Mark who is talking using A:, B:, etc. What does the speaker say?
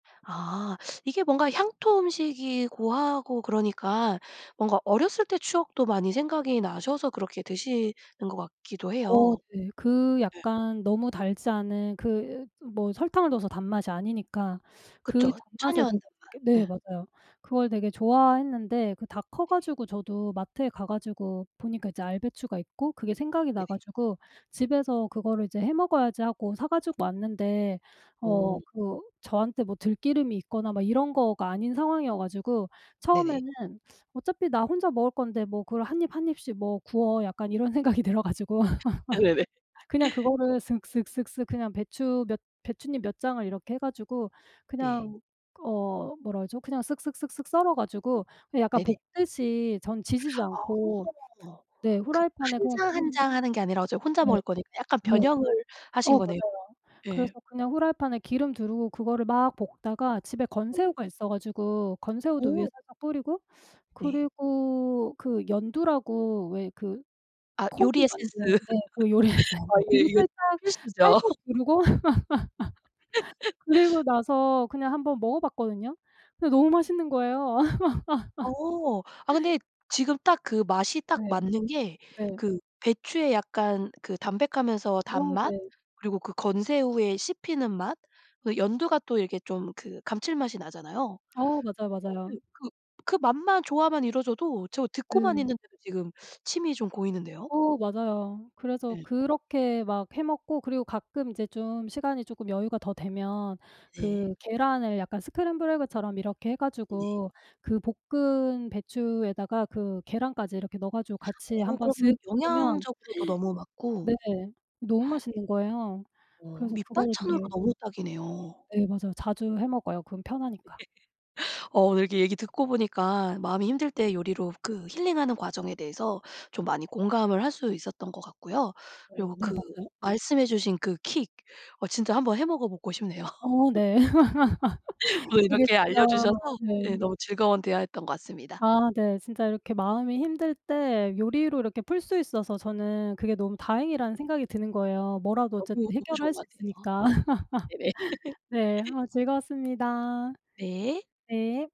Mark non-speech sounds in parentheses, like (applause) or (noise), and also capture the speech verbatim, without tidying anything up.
A: 아. 이게 뭔가 향토음식이고 하고 그러니까 뭔가 어렸을 때 추억도 많이 생각이 나셔서 그렇게 드시는 것 같기도
B: 어
A: 해요.
B: 네. 그
A: 예.
B: 약간 너무 달지 않은 그 뭐 설탕을 넣어서 단맛이 아니니까 그
A: 그쵸.
B: 단맛을
A: 천연
B: 그렇게 네
A: 단맛. 예.
B: 맞아요. 그걸 되게 좋아했는데 그 다 커
A: 네.
B: 가지고 저도 마트에 가 가지고 보니까 이제 알배추가 있고 그게 생각이
A: 네.
B: 나 가지고 '집에서 그거를 이제 해 먹어야지.' 하고 사 가지고 왔는데 어
A: 어.
B: 그 저한테 뭐 들기름이 있거나 막 이런 거가 아닌 상황이어 가지고
A: 네네.
B: 처음에는 (sucks teeth) '어차피 나 혼자 먹을 건데 뭐 그걸 한 입, 한 입씩 뭐 구워.' 약간 이런 생각이 들어 가지고
A: 네네네.
B: (laughs) 그냥 그거를 쓱 쓱 쓱 쓱 그냥 배추 몇 배춧잎 몇 장을 이렇게 해 가지고
A: 네.
B: 그냥 어 뭐라 그러죠? 그냥 쓱 쓱 쓱 쓱 썰어 가지고 그 약간
A: 네네.
B: 볶듯이 저는 지지지 않고
A: 어.
B: 네
A: 그
B: 프라이팬에
A: 한
B: 그냥
A: 장, 한
B: 기름
A: 장 하는 게 아니라 어차피 혼자
B: 예.
A: 먹을 거니까 약간
B: 네.
A: 변형을
B: 어
A: 하신 거네요.
B: 맞아요. 그래서
A: 예.
B: 그냥 프라이팬에 기름 두르고 그거를 막 볶다가 집에
A: 네네.
B: 건새우가 있어 가지고 건새우도 위에
A: 어.
B: 살짝 뿌리고
A: 네.
B: 그리고 그 연두라고 왜 그
A: 아 요리
B: 콩으로
A: 에센스.
B: 만든 네 그 요리
A: (laughs)
B: 에센스
A: 아 예
B: 그거
A: 이게
B: 살짝
A: 또 필수죠.
B: 살짝
A: (laughs)
B: 두르고 (laughs) 그리고
A: (laughs)
B: 나서 그냥 한 번 먹어봤거든요. 근데 너무 맛있는 거예요.
A: 어. 아
B: (laughs)
A: 근데 지금 딱 그 맛이 딱
B: 네.
A: 맞는 게
B: 네.
A: 그 배추의 약간 그 담백하면서
B: 어
A: 단맛
B: 네.
A: 그리고 그 건새우의 씹히는 맛 그 연두가 또 이렇게 좀 그 감칠맛이 나잖아요.
B: 어 맞아요,
A: 예.
B: 맞아요.
A: 그 그 맛만 조화만 이뤄져도 저 듣고만
B: 네.
A: 있는데도 지금 침이 좀 고이는데요.
B: 어 맞아요. 그래서
A: 예.
B: 그렇게 막 해 먹고 그리고 가끔 이제 좀 시간이 쪼끔 여유가 더 되면
A: 네.
B: 그 계란을 약간 스크램블 에그처럼 이렇게 해
A: 네.
B: 가지고 그 볶은 배추에다가 그 계란까지 이렇게 넣어 가지고 같이
A: 어
B: 한 번
A: 그러면
B: 쓱 볶으면
A: 영양적으로도 너무 맞고
B: (gasps) 네. 너무
A: (gasps)
B: 맛있는 거예요.
A: 어
B: 그래서 그거를
A: 밑반찬으로
B: 되게
A: 너무 딱이네요.
B: 네 맞아요. 자주 해 먹어요 그건
A: 네.
B: 편하니까.
A: 어 오늘 이렇게 얘기 듣고 보니까 마음이 힘들 때 요리로 그 힐링하는 과정에 대해서 좀 많이 공감을 할 수 있었던 것 같고요. 그리고
B: 어 네
A: 그
B: 맞아요.
A: 말씀해 주신 그 킥 어 진짜 한 번 해 먹어보고 싶네요.
B: 어
A: (laughs)
B: 네. (laughs)
A: 오늘
B: 이게
A: 이렇게
B: 진짜
A: 알려 주셔서 예
B: 네.
A: 너무 즐거운 대화였던 것 같습니다.
B: 아 네. 진짜 이렇게 마음이 힘들 때 요리로 이렇게 풀 수 있어서 저는 그게 너무
A: 네.
B: 다행이라는 생각이 드는 거예요. 뭐라도 어쨌든
A: 너무, 너무
B: 해결을
A: 좋은
B: 할 수
A: 것 같아요.
B: 있으니까.
A: 네네.
B: (laughs) 네.
A: (laughs)
B: 아 즐거웠습니다.
A: 네.
B: 네.